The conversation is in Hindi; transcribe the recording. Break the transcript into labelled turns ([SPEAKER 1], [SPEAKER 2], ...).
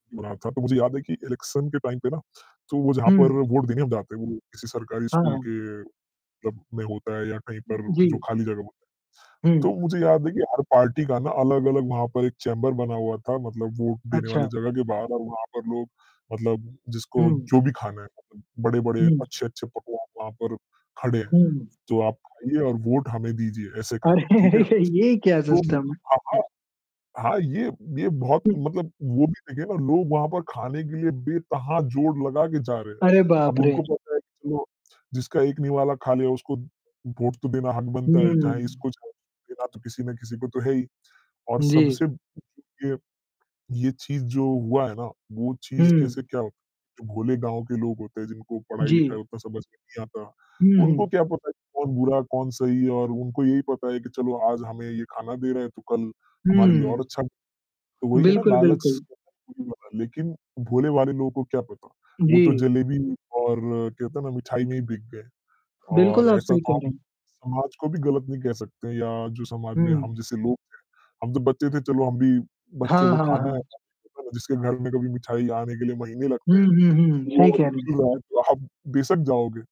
[SPEAKER 1] बना था, तो मुझे याद है कि इलेक्शन के टाइम पे ना, तो वो जहाँ पर
[SPEAKER 2] हुँ।
[SPEAKER 1] वोट देने हम जाते हैं, वो किसी सरकारी स्कूल
[SPEAKER 2] हाँ।
[SPEAKER 1] के मतलब में होता है या कहीं पर जो
[SPEAKER 2] जी।
[SPEAKER 1] खाली जगह में। तो
[SPEAKER 2] हुँ।
[SPEAKER 1] मुझे याद है कि हर पार्टी का ना अलग-अलग वहाँ पर एक चेंबर बना हुआ था, मतलब वोट देने वाले
[SPEAKER 2] अच्छा।
[SPEAKER 1] जगह के बाहर और वहाँ पर लोग मतलब जिसको
[SPEAKER 2] हुँ।
[SPEAKER 1] जो भी खाना है, बड़े-बड़े,
[SPEAKER 2] हुँ।
[SPEAKER 1] अच्छे-अच्छे पकवान वहाँ पर खड़े हैं,
[SPEAKER 2] हुँ।
[SPEAKER 1] तो आप आइए और वोट हमें दीजिए ऐसे करके, ठीक है?
[SPEAKER 2] अरे! ये क्या
[SPEAKER 1] लोग
[SPEAKER 2] सिस्टम
[SPEAKER 1] हाँ, हाँ।
[SPEAKER 2] है?
[SPEAKER 1] हाँ, ये ये बहुत
[SPEAKER 2] हुँ।
[SPEAKER 1] मतलब वो भी देखिए ना लोग वहाँ पर खाने के लिए बेतहा जोड़ लगा के जा रहे हैं,
[SPEAKER 2] अरे बाप
[SPEAKER 1] अब
[SPEAKER 2] रे!
[SPEAKER 1] उनको पता है कि चलो जिसका एक निवाला खा लिया उसको वोट तो देना हक बनता है, चाहे
[SPEAKER 2] हुँ।
[SPEAKER 1] इसको, चाहे उसको तो देना किसी ना किसी को तो है ही। और
[SPEAKER 2] जी।
[SPEAKER 1] सबसे ये ये चीज़ जो हुआ है ना, वो चीज़
[SPEAKER 2] हुँ।
[SPEAKER 1] कैसे क्या जो भोले गाँव के लोग होते हैं जिनको पढ़ाई-लिखाई
[SPEAKER 2] जी।
[SPEAKER 1] उतना समझ में नहीं आता, उनको
[SPEAKER 2] हुँ।
[SPEAKER 1] क्या पता कि कौन बुरा, कौन सही और उनको यही पता है कि चलो आज हमें ये खाना दे रहे हैं, तो कल हमारे लिए और
[SPEAKER 2] हुँ।
[SPEAKER 1] अच्छा तो वही है ना
[SPEAKER 2] बिल्कुल,
[SPEAKER 1] लालच स
[SPEAKER 2] बिल्कुल।
[SPEAKER 1] [unintelligible] लेकिन भोले-भाले लोगों को क्या पता? वो तो
[SPEAKER 2] जी।
[SPEAKER 1] जलेबी और क्या कहते हैं ना मिठाई में ही बिक गए।
[SPEAKER 2] बिल्कुल,
[SPEAKER 1] और
[SPEAKER 2] आप
[SPEAKER 1] ऐसा
[SPEAKER 2] सही
[SPEAKER 1] तो
[SPEAKER 2] कह
[SPEAKER 1] हम
[SPEAKER 2] रहे हैं।
[SPEAKER 1] समाज को भी गलत नहीं कह सकते या जो समाज में हम
[SPEAKER 2] हुँ।
[SPEAKER 1] जैसे लोग थे, हम जब बच्चे थे चलो हम भी बच्चों
[SPEAKER 2] हाँ,
[SPEAKER 1] को
[SPEAKER 2] हाँ,
[SPEAKER 1] खाना है,
[SPEAKER 2] हाँ।
[SPEAKER 1] [unintelligible] जिसके घर में कभी मिठाई आने के लिए महीने लगते
[SPEAKER 2] हुँ,
[SPEAKER 1] हैं,
[SPEAKER 2] हुँ, हुँ।
[SPEAKER 1] वो
[SPEAKER 2] सही कह रहे हैं।
[SPEAKER 1] फ्री है तो आप बेशक जाओगे।